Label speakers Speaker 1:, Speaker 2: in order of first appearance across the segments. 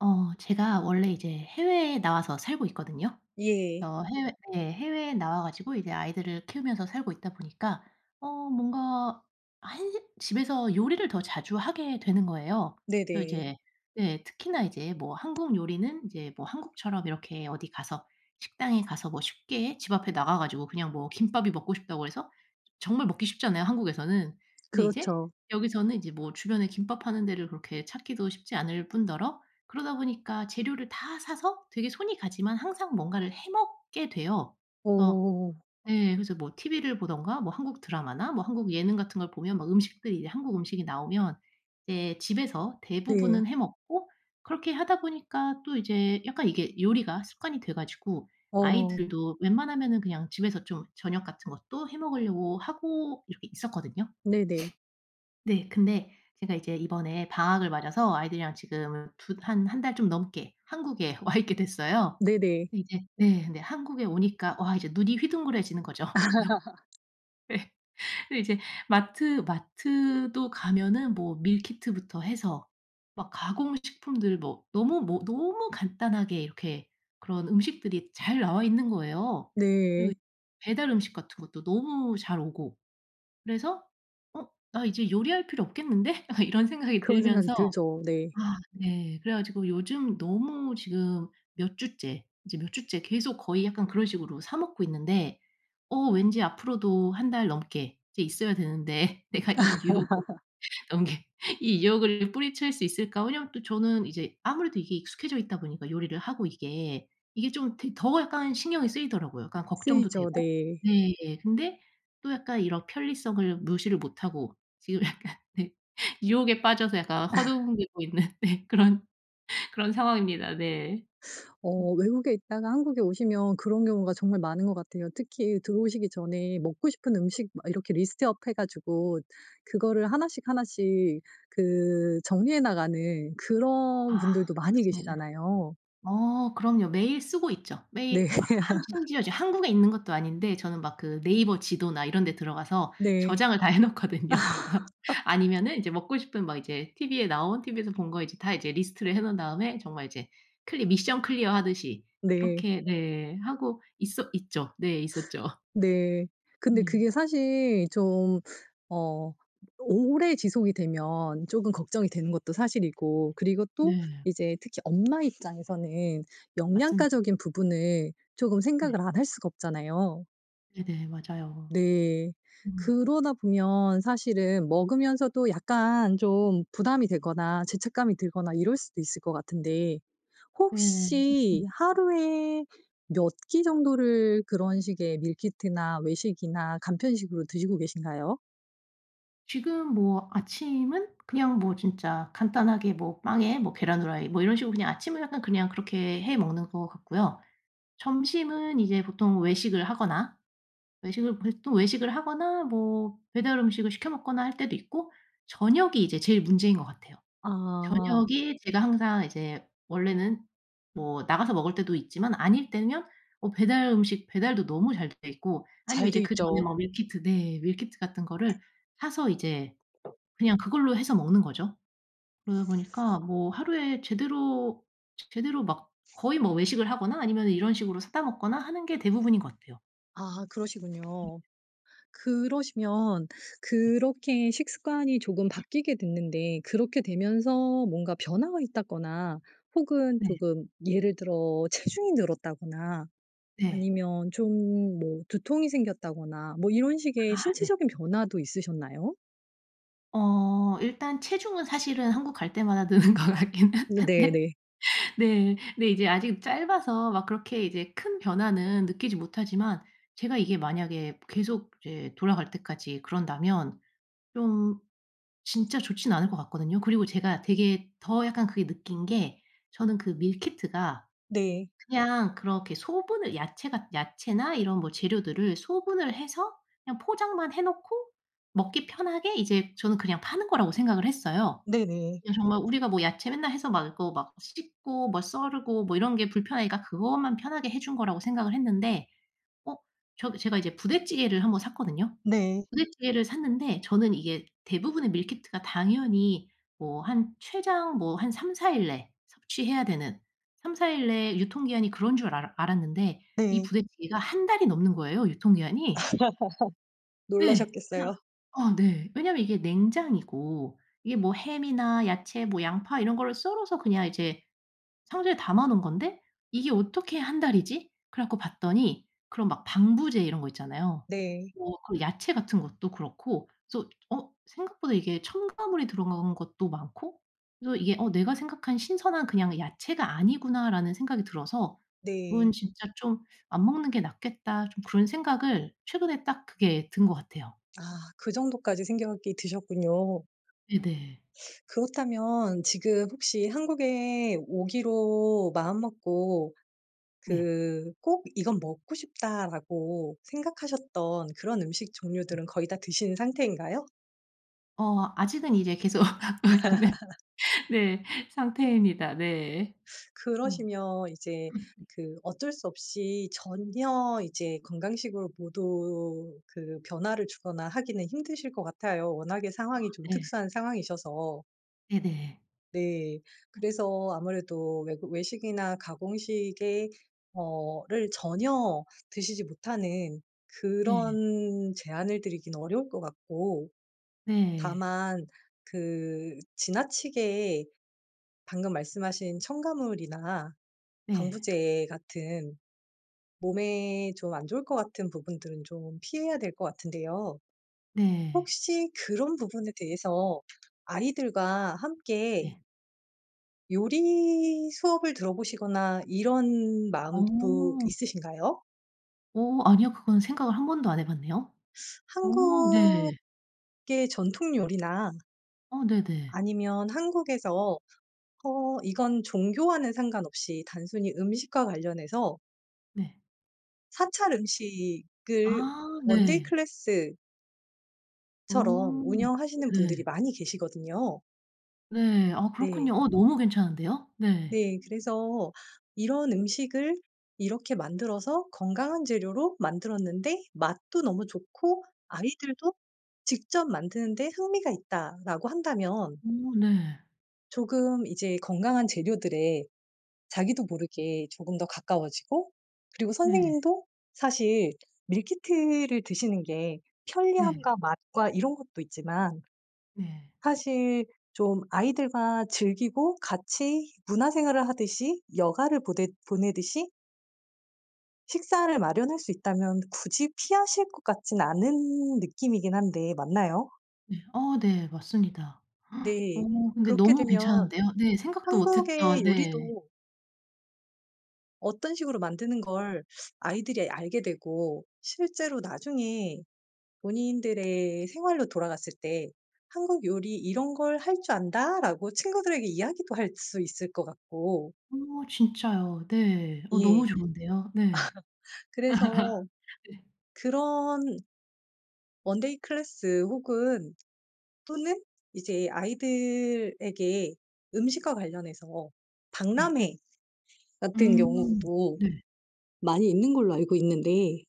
Speaker 1: 어 제가 원래 이제 해외에 나와서 살고 있거든요.
Speaker 2: 예.
Speaker 1: 저 해외 예 해외에 나와 가지고 이제 아이들을 키우면서 살고 있다 보니까 어 뭔가 한식 집에서 요리를 더 자주 하게 되는 거예요. 그래서
Speaker 2: 네네.
Speaker 1: 이제 예 특히나 이제 뭐 한국 요리는 이제 뭐 한국처럼 이렇게 어디 가서 식당에 가서 뭐 쉽게 집 앞에 나가 가지고 그냥 뭐 김밥이 먹고 싶다고 해서 정말 먹기 쉽잖아요 한국에서는. 근데 이제
Speaker 2: 그렇죠.
Speaker 1: 여기서는 이제 뭐 주변에 김밥 파는 데를 그렇게 찾기도 쉽지 않을 뿐더러 그러다 보니까 재료를 다 사서 되게 손이 가지만 항상 뭔가를 해 먹게 돼요. 그래서
Speaker 2: 오.
Speaker 1: 예 그래서 뭐 TV를 보든가 뭐 한국 드라마나 뭐 한국 예능 같은 걸 보면 막 음식들이 이제 한국 음식이 나오면 예 집에서
Speaker 2: 네.
Speaker 1: 대부분은 해 먹고 그렇게 하다 보니까 또 이제 약간 이게 요리가 습관이 돼 가지고
Speaker 2: 어.
Speaker 1: 아이들도 웬만하면은 그냥 집에서 좀 저녁 같은 것도 해 먹으려고 하고 이렇게 있었거든요.
Speaker 2: 네네.
Speaker 1: 네 근데 제가 이제 이번에 방학을 맞아서 아이들이랑 지금 두 한 한 달 좀 넘게 한국에 와 있게 됐어요.
Speaker 2: 네네.
Speaker 1: 근데 이제 네 근데 한국에 오니까 와 이제 눈이 휘둥그레지는 거죠. 예. 근데 이제 마트 마트도 가면은 뭐 밀키트부터 해서 막 가공 식품들 뭐 너무 뭐 너무 간단하게 이렇게 그런 음식들이 잘 나와 있는 거예요. 그리고
Speaker 2: 네.
Speaker 1: 이 배달 음식 같은 것도 너무 잘 오고. 그래서 '어 나 이제 요리할 필요 없겠는데?' 약간 이런 생각이
Speaker 2: 그런 생각이
Speaker 1: 들면서
Speaker 2: 들죠. 네.
Speaker 1: 아 예. 그래 가지고 요즘 너무 지금 몇 주째 이제 몇 주째 계속 거의 약간 그런 식으로 사 먹고 있는데 어 왠지 앞으로도 1 달 넘게 이제 있어야 되는데 '내가 이 유혹을 넘길 이 유혹을 뿌리칠 수 있을까?' 왜냐하면 또 저는 이제 아무래도 이게 익숙해져 있다 보니까 요리를 하고 이게. 이게 좀 되게 더 약간 신경이 쓰이더라고요 약간 걱정도
Speaker 2: 쓰이죠.
Speaker 1: 되고.
Speaker 2: 네.
Speaker 1: 네 예 근데 또 약간 이런 편리성을 무시를 못하고 지금 약간 네. 유혹에 빠져서 약간 어 허둥대고 있는 네 그런 그런 상황입니다 네.
Speaker 2: 어 외국에 있다가 한국에 오시면 그런 경우가 정말 많은 것 같아요. 특히 들어오시기 전에 먹고 싶은 음식 막 이렇게 리스트업 해 가지고 그거를 하나씩 하나씩 그 정리해 나가는 그런
Speaker 1: 아
Speaker 2: 분들도 많이
Speaker 1: 그렇습니다.
Speaker 2: 계시잖아요.
Speaker 1: 어 그럼요. 매일 쓰고 있죠.
Speaker 2: 네.
Speaker 1: 매일 하 한 심지어 이제 한국에 있는 것도 아닌데 저는 막 그 네이버 지도나 이런 데 들어가서
Speaker 2: 네.
Speaker 1: 저장을 다 해 놓거든요. 그래서 아니면은 이제 먹고 싶은 막 이제 TV에 나온 TV에서 본 거 이제 다 이제 리스트를 해 놓은 다음에 정말 이제 클리 미션 클리어하듯이
Speaker 2: 네.
Speaker 1: 그렇게 네 하고 있었 있죠. 네 있었죠.
Speaker 2: 네. 근데
Speaker 1: 네.
Speaker 2: 그게 사실 좀 어 또 오래 지속이 되면 조금 걱정이 되는 것도 사실이고. 그리고 또
Speaker 1: 네.
Speaker 2: 이제 특히 엄마 입장에서는
Speaker 1: 맞습니다.
Speaker 2: 영양가적인 부분을 조금
Speaker 1: 네.
Speaker 2: 생각을 안 할 수가 없잖아요.
Speaker 1: 네네. 맞아요.
Speaker 2: 네.
Speaker 1: 음.
Speaker 2: 그러다 보면 사실은 먹으면서도 약간 좀 부담이 되거나 죄책감이 들거나 이럴 수도 있을 것 같은데
Speaker 1: 네.
Speaker 2: 혹시
Speaker 1: [unintelligible]
Speaker 2: 하루에 몇 끼 정도를 그런 식의 밀키트나 외식이나 간편식으로 드시고 계신가요?
Speaker 1: 지금 뭐 아침은 그냥 뭐 진짜 간단하게 뭐 빵에 뭐 계란 후라이 뭐 이런 식으로 그냥 아침은 약간 그냥 그렇게 해 먹는 것 같고요. 점심은 이제 보통 외식을 하거나 외식을 보통 또 외식을 하거나 뭐 배달 음식을 시켜 먹거나 할 때도 있고 저녁이 이제 제일 문제인 것 같아요.
Speaker 2: 아.
Speaker 1: 저녁이 제가 항상 이제 원래는 뭐 나가서 먹을 때도 있지만 아닐 때면 뭐 배달 음식 배달도 너무 잘 돼 있고 아니면
Speaker 2: 잘 돼
Speaker 1: 이제 그전에
Speaker 2: 있죠.
Speaker 1: 뭐 밀키트 네. 밀키트 같은 거를 사서 이제 그냥 그걸로 해서 먹는 거죠. 그러다 보니까 뭐 하루에 제대로, 제 제대로 막 거의 뭐 외식을 하거나 아니면은 이런 식으로 사다 먹거나 하는 게 대부분인 것 같아요.
Speaker 2: 아
Speaker 1: 네.
Speaker 2: 그러시군요. 그러시면
Speaker 1: 네.
Speaker 2: 그렇게 식습관이 조금
Speaker 1: [unintelligible]
Speaker 2: 바뀌게 됐는데 그렇게 되면서 뭔가 변화가 있다거나 혹은
Speaker 1: 네.
Speaker 2: 조금 예를 들어 체중이 늘었다거나
Speaker 1: 네.
Speaker 2: 아니면 좀 뭐 두통이 생겼다거나 뭐 이런 식의
Speaker 1: 아 네.
Speaker 2: 신체적인 변화도 있으셨나요?
Speaker 1: 어. 일단 체중은 사실은 한국 갈 때마다 느는 것 같긴
Speaker 2: 음 네,
Speaker 1: 한데
Speaker 2: 네.
Speaker 1: 네. 근데 이제 아직 짧아서 막 그렇게 이제 큰 변화는 느끼지 못하지만 제가 이게 만약에 계속 이제 돌아갈 때까지 그런다면 좀 진짜 좋진 않을 것 같거든요. 그리고 제가 되게 더 약간 그게 느낀 게 저는 그 밀키트가
Speaker 2: 네.
Speaker 1: 그냥 그렇게 소분을 야채가 야채나 이런 뭐 재료들을 소분을 해서 그냥 포장만 해 놓고 먹기 편하게 이제 저는 그냥 파는 거라고 생각을 했어요.
Speaker 2: 네네.
Speaker 1: 예. 정말 우리가 뭐 야채 맨날 해서 막 이거 막 씻고 뭐 썰고 뭐 이런 게 불편하니까 그것만 편하게 해 준 거라고 생각을 했는데 어. 저 제가 이제 부대찌개를 1 번 샀거든요.
Speaker 2: 네.
Speaker 1: 부대찌개를 샀는데 저는 이게 대부분의 밀키트가 당연히 뭐 한 최장 뭐 한 3-4 일 내 섭취해야 되는, 3-4 일 내에 유통기한이 그런 줄 알았 알았는데 이
Speaker 2: 네.
Speaker 1: 부대찌개가 1 달이 넘는 거예요, 유통기한이. 네.
Speaker 2: 놀라셨겠어요.
Speaker 1: [unintelligible] 아 네. 왜냐하면 이게 냉장이고 '이게 뭐 햄이나 야채 뭐 양파 이런 거를 썰어서 그냥 이제 상자에 담아 놓은 건데 이게 어떻게 1 달이지?' 그래 갖고 봤더니 그런 막 방부제 이런 거 있잖아요.
Speaker 2: 네.
Speaker 1: 뭐 그 야채 같은 것도 그렇고 그래서 어 생각보다 이게 첨가물이 들어간 것도 많고 그래서 이게 '어. 내가 생각한 신선한 그냥 야채가 아니구나.'라는 생각이 들어서
Speaker 2: 네.
Speaker 1: '그건 진짜 좀 안 먹는 게 낫겠다.' 좀 그런 생각을 최근에 딱 그게 든 것 같아요.
Speaker 2: 아. 그 정도까지 생각이 드셨군요.
Speaker 1: 네네.
Speaker 2: 그렇다면 지금 혹시 한국에 오기로 마음먹고
Speaker 1: 네.
Speaker 2: 그 '꼭 이건 먹고 싶다.'라고 생각하셨던 그런 음식 종류들은 거의 다 드신 상태인가요?
Speaker 1: 어 아직은 이제 계속 네. 네. 상태입니다. 네. 어.
Speaker 2: 그러시면 이제 그 어쩔 수 없이 전혀 이제 건강식으로 모두 그 변화를 주거나 하기는 힘드실 것 같아요. 워낙에
Speaker 1: 아
Speaker 2: 상황이 좀
Speaker 1: 예.
Speaker 2: 특수한 상황이셔서.
Speaker 1: 네네.
Speaker 2: 네. 그래서 아무래도 외국 외식이나 가공식의 어 를 전혀 드시지 못 하는
Speaker 1: 네.
Speaker 2: 그런 제안을 드리긴 어려울 것 같고
Speaker 1: 네.
Speaker 2: 다만 그 지나치게 방금 말씀하신 첨가물이나
Speaker 1: 네.
Speaker 2: 방부제 같은 몸에 좀 안 좋을 것 같은 부분들은 좀 피해야 될 거 같은데요.
Speaker 1: 네.
Speaker 2: 혹시 그런 부분에 대해서 아이들과 함께
Speaker 1: 네.
Speaker 2: 요리 수업을 들어보시거나 이런 마음도
Speaker 1: 어.
Speaker 2: 있으신가요?
Speaker 1: 어 아니요. 그건 생각을 1 번도 안 해 봤네요. 어 네.
Speaker 2: 한국계 전통 요리나
Speaker 1: 어 네네.
Speaker 2: 아니면 한국에서 어 이건 종교와는 상관없이 단순히 음식과 관련해서
Speaker 1: 네.
Speaker 2: 사찰 음식을
Speaker 1: 아
Speaker 2: one-day
Speaker 1: 네.
Speaker 2: class 처럼
Speaker 1: 어
Speaker 2: 운영하시는 분들이
Speaker 1: 네.
Speaker 2: 많이 계시거든요.
Speaker 1: 네. 아
Speaker 2: 네.
Speaker 1: 그렇군요. 어 너무 괜찮은데요? 네.
Speaker 2: 네. 그래서 이런 음식을 이렇게 만들어서 건강한 재료로 만들었는데 맛도 너무 좋고 아이들도 직접 만드는 데 흥미가 있다라고 한다면
Speaker 1: 어 네.
Speaker 2: 조금 이제 건강한 재료들에 자기도 모르게 조금 더 가까워지고 그리고
Speaker 1: 네.
Speaker 2: 선생님도 사실 meal kit를 드시는 게
Speaker 1: 네.
Speaker 2: 편리함과 맛과 이런 것도 있지만
Speaker 1: 네.
Speaker 2: 사실 좀 아이들과 즐기고 같이 문화 생활을 하듯이 여가를 보댓 보내듯이 식사를 마련할 수 있다면 굳이 피하실 것 같진 않은 느낌이긴 한데 맞나요?
Speaker 1: 네. 어 네. 맞습니다. 어
Speaker 2: 네.
Speaker 1: 근데
Speaker 2: 그렇게
Speaker 1: 너무
Speaker 2: 되면
Speaker 1: 괜찮은데요. 네. 생각도
Speaker 2: 한국의
Speaker 1: 못했던 네.
Speaker 2: 요리도 어떤 식으로 만드는 걸 아이들이 알게 되고 실제로 나중에 본인들의 생활로 돌아갔을 때 "한국 요리 이런 걸 할 줄 안다."라고 친구들에게 이야기도 할 수 있을 것 같고
Speaker 1: 어 진짜요. 네. 어
Speaker 2: 예.
Speaker 1: 너무 좋은데요. 네.
Speaker 2: 그래서
Speaker 1: 네.
Speaker 2: 그런 one-day class 혹은 또는 이제 아이들에게 음식과 관련해서
Speaker 1: 네.
Speaker 2: 박람회 같은
Speaker 1: 음.
Speaker 2: 경우도
Speaker 1: 네.
Speaker 2: 많이 있는 걸로 알고 있는데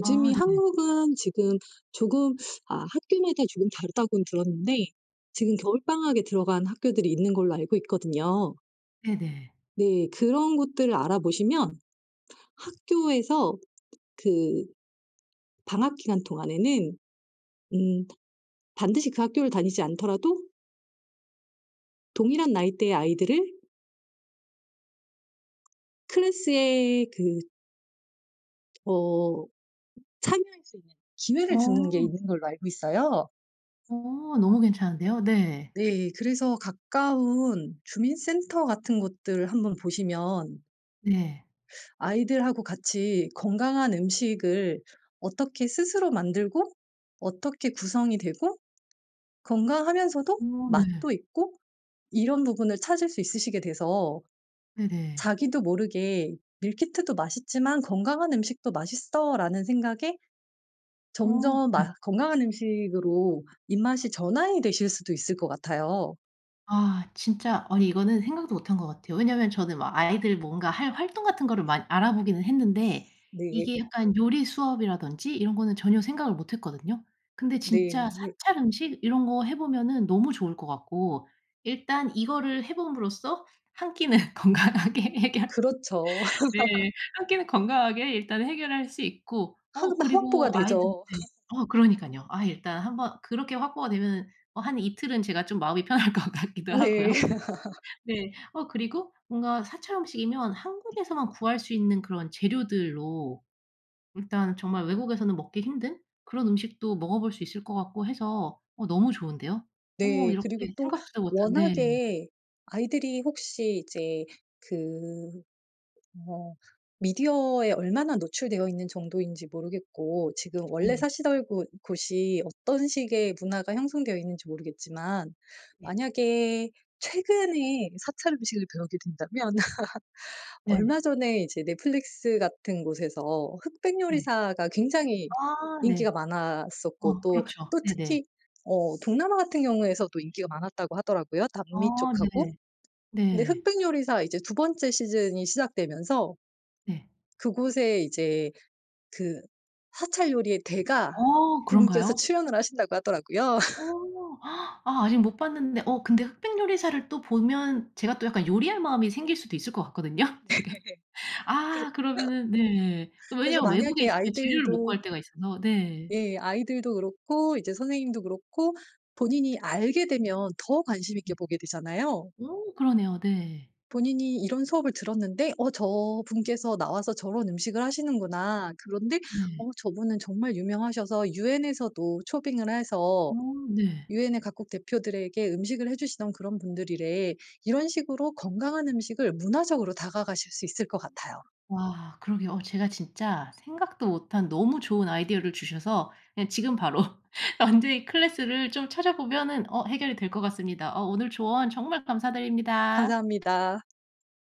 Speaker 1: 아 네네.
Speaker 2: 한국은 지금 조금 아 "학교마다 조금 다르다."고는 들었는데 지금 겨울방학에 들어간 학교들이 있는 걸로 알고 있거든요.
Speaker 1: 네네.
Speaker 2: 네. 그런 것들을 알아보시면 학교에서 그 방학 기간 동안에는 음 반드시 그 학교를 다니지 않더라도 동일한 나이대의 아이들을 class의 그 어 참여할 수 있는 기회를 주는 게
Speaker 1: 어.
Speaker 2: 있는 걸로 알고 있어요.
Speaker 1: 어. 너무 괜찮은데요? 네.
Speaker 2: 네. 그래서 가까운 주민 센터 같은 곳들 한번 보시면
Speaker 1: 네.
Speaker 2: 아이들하고 같이 건강한 음식을 어떻게 스스로 만들고 어떻게 구성이 되고 건강하면서도
Speaker 1: 어. 네.
Speaker 2: 맛도 있고 이런 부분을 찾을 수 있으시게 돼서
Speaker 1: 네네.
Speaker 2: 자기도 모르게 '밀키트도 맛있지만 건강한 음식도 맛있어.'라는 생각에
Speaker 1: 어.
Speaker 2: 점점
Speaker 1: 예.
Speaker 2: 맛 건강한 음식으로 입맛이 전환이 되실 수도 있을 것 같아요.
Speaker 1: 아. 진짜 아니 이거는 생각도 못 한 것 같아요. 왜냐면 저는 막 아이들 뭔가 할 활동 같은 거를 많 알아보기는 했는데
Speaker 2: 네.
Speaker 1: 이게 약간 요리 수업이라든지 이런 거는 전혀 생각을 못 했거든요. 근데 진짜
Speaker 2: 네.
Speaker 1: 사찰 음식 이런 거 해 보면은 너무 좋을 것 같고 일단 이거를 해 봄으로써 1 끼는 건강하게 해결
Speaker 2: 그렇죠.
Speaker 1: 네. 1 끼는 건강하게 일단 해결할 수 있고 어
Speaker 2: [unintelligible] 확보가
Speaker 1: 그리고 아이들
Speaker 2: 되죠.
Speaker 1: 네. 어 그러니깐요. 아 일단 한번 그렇게 확보가 되면은 어 한 이틀은 제가 좀 마음이 편할 것 같기도 하고요.
Speaker 2: 네.
Speaker 1: 네. 어 그리고 뭔가 사찰 음식이면 한국에서만 구할 수 있는 그런 재료들로 일단 정말 외국에서는 먹기 힘든 그런 음식도 먹어볼 수 있을 것 같고 해서 어 너무 좋은데요. 어
Speaker 2: 네.
Speaker 1: 이렇게
Speaker 2: 그리고 또
Speaker 1: 생각지도 못한 네.
Speaker 2: 워낙에 아이들이 혹시 이제 그 어 미디어에 얼마나 노출되어 있는 정도인지 모르겠고 지금 원래
Speaker 1: 네.
Speaker 2: 사시던 곳 곳이 어떤 식의 문화가 형성되어 있는지 모르겠지만
Speaker 1: 예.
Speaker 2: 만약에 최근에 사찰 음식을 배우게 된다면
Speaker 1: 네.
Speaker 2: 얼마 전에 이제 넷플릭스 같은 곳에서
Speaker 1: 네.
Speaker 2: 흑백요리사가 굉장히
Speaker 1: 아.
Speaker 2: 인기가
Speaker 1: 네.
Speaker 2: 많았었고
Speaker 1: 어.
Speaker 2: 또,
Speaker 1: 그렇죠.
Speaker 2: 또
Speaker 1: 네네.
Speaker 2: 특히 어 동남아 같은 경우에서도 인기가 많았다고 하더라고요, 남미
Speaker 1: 아.
Speaker 2: 쪽하고.
Speaker 1: 네.
Speaker 2: 근데
Speaker 1: 네.
Speaker 2: 흑백요리사 이제 두 번째 시즌이 시작되면서
Speaker 1: 네.
Speaker 2: 그곳에 이제 그 사찰 요리의 대가
Speaker 1: 어.
Speaker 2: 분께서
Speaker 1: 그런가요?
Speaker 2: 출연을 하신다고 하더라고요.
Speaker 1: 어. 아 아직 못 봤는데 어 근데 흑백 요리사를 또 보면 제가 또 약간 요리할 마음이 생길 수도 있을 것 같거든요,
Speaker 2: 네.
Speaker 1: 지금.
Speaker 2: 그렇
Speaker 1: 아! 그러면은 네.
Speaker 2: 그래서
Speaker 1: 왜냐하면 외국에
Speaker 2: 만약에
Speaker 1: 있으면 재료를 못
Speaker 2: 아이들도
Speaker 1: 구할 때가 있어서 네.
Speaker 2: 예. 아이들도 그렇고 이제 선생님도 그렇고 본인이 알게 되면 더 관심 있게
Speaker 1: 네.
Speaker 2: 보게 되잖아요.
Speaker 1: 어. 그러네요. 네.
Speaker 2: 본인이 이런 수업을 들었는데 "어. 저분께서 나와서 저런 음식을 하시는구나. 그런데
Speaker 1: 네.
Speaker 2: 어 저분은 정말 유명하셔서 유엔에서도 초빙을 해서
Speaker 1: 어. 네.
Speaker 2: 유엔의 각국 대표들에게 음식을 해 주시던 그런 분들이래." 이런 식으로 건강한 음식을 문화적으로 다가가실 수 있을 것 같아요.
Speaker 1: 와. 그러게요. 어 제가 진짜 생각도 못 한 너무 좋은 아이디어를 주셔서 그냥 지금 바로 원데이 클래스를 좀 찾아보면은 어 해결이 될 것 같습니다. 어 오늘 조언 정말 감사드립니다.
Speaker 2: 감사합니다.